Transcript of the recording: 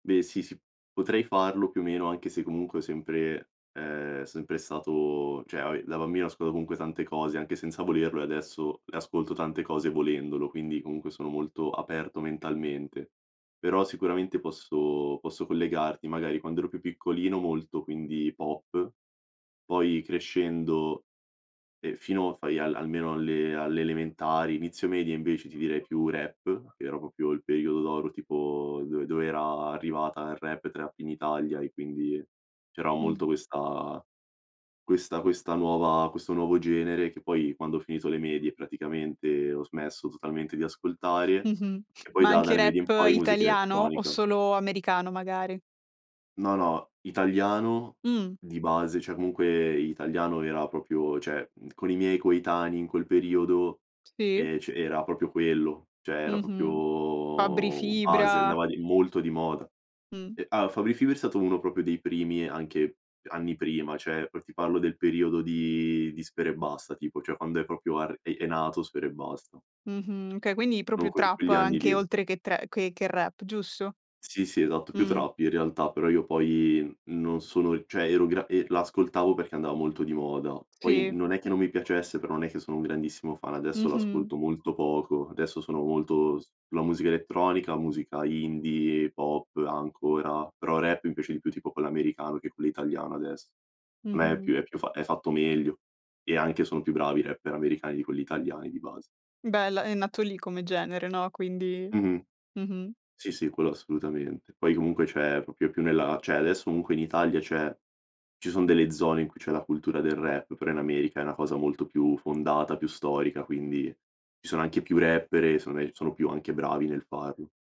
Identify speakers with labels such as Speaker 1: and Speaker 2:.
Speaker 1: Beh sì, sì. Potrei farlo più o meno, anche se comunque ho sempre è sempre stato cioè vabbè, da bambino ascola comunque tante cose anche senza volerlo e adesso le ascolto tante cose volendolo, quindi comunque sono molto aperto mentalmente. Però sicuramente posso posso collegarti magari quando ero più piccolino molto, quindi, pop. Poi crescendo, e fino a fai al almeno alle alle elementari, inizio medie invece ti direi più rap, che era proprio il periodo d'oro tipo do dove era arrivata il rap e trap in Italia e quindi c'era
Speaker 2: Mh.
Speaker 1: molto questa questa questa nuova questo nuovo genere, che poi quando ho finito le medie praticamente ho smesso totalmente di ascoltare.
Speaker 2: Mh-mh.
Speaker 1: E poi
Speaker 2: Ma
Speaker 1: da
Speaker 2: anche
Speaker 1: dalle medie in
Speaker 2: rap
Speaker 1: poi musica
Speaker 2: italiano o
Speaker 1: elettronica.
Speaker 2: solo americano magari?
Speaker 1: No, no, italiano
Speaker 2: Mh.
Speaker 1: di base, cioè comunque italiano era proprio cioè, mhmm, con i miei coetanei in quel periodo,
Speaker 2: Sì.
Speaker 1: ehm, c era proprio quello, cioè era
Speaker 2: Mh-mh. Fabri
Speaker 1: proprio base,
Speaker 2: Fibra.
Speaker 1: andava di molto di moda.
Speaker 2: Mh.
Speaker 1: E ah, Fabri Fibra è stato uno proprio dei primi anche anni prima, cioè per ti parlo del periodo di di Sfera Ebbasta tipo, cioè quando è proprio arr è è nato Sfera Ebbasta
Speaker 2: Mh-mh. Okay, quindi
Speaker 1: no
Speaker 2: proprio
Speaker 1: que
Speaker 2: trap
Speaker 1: quegli anni
Speaker 2: anche
Speaker 1: lì.
Speaker 2: oltre che tre che che rap, giusto?
Speaker 1: Sì sì, esatto, più
Speaker 2: Mh.
Speaker 1: trap in realtà, però io poi non sono e cioè ero gra e l'ascoltavo perché andava molto di moda. Poi
Speaker 2: Sì.
Speaker 1: non è che non mi piacesse, però non è che sono un grandissimo fan, adesso
Speaker 2: Mh-mh.
Speaker 1: l'ascolto molto poco. Adesso sono molto s la musica elettronica, musica indie, pop ancora, però rap mi piace di più tipo quello americano che quello italiano adess Meh, è
Speaker 2: Mh-mh.
Speaker 1: più è più fa è fatto meglio, e anche son più bravi rapper americani di quelli italiani di base.
Speaker 2: Bella, è nato lì come genere, no, quindi
Speaker 1: Mh-mh.
Speaker 2: Mh-mh.
Speaker 1: Sì, sì, quello assolutamente. Poi comunque cioè, è proprio più nella cioè adesso comunque in Italia c'è ci son delle zone in cui c'è la cultura del rap, però in America è una cosa molto più fondata, più storica, quindi. Ci sono anche più rapper e secondo me sono più anche bravi nel farlo.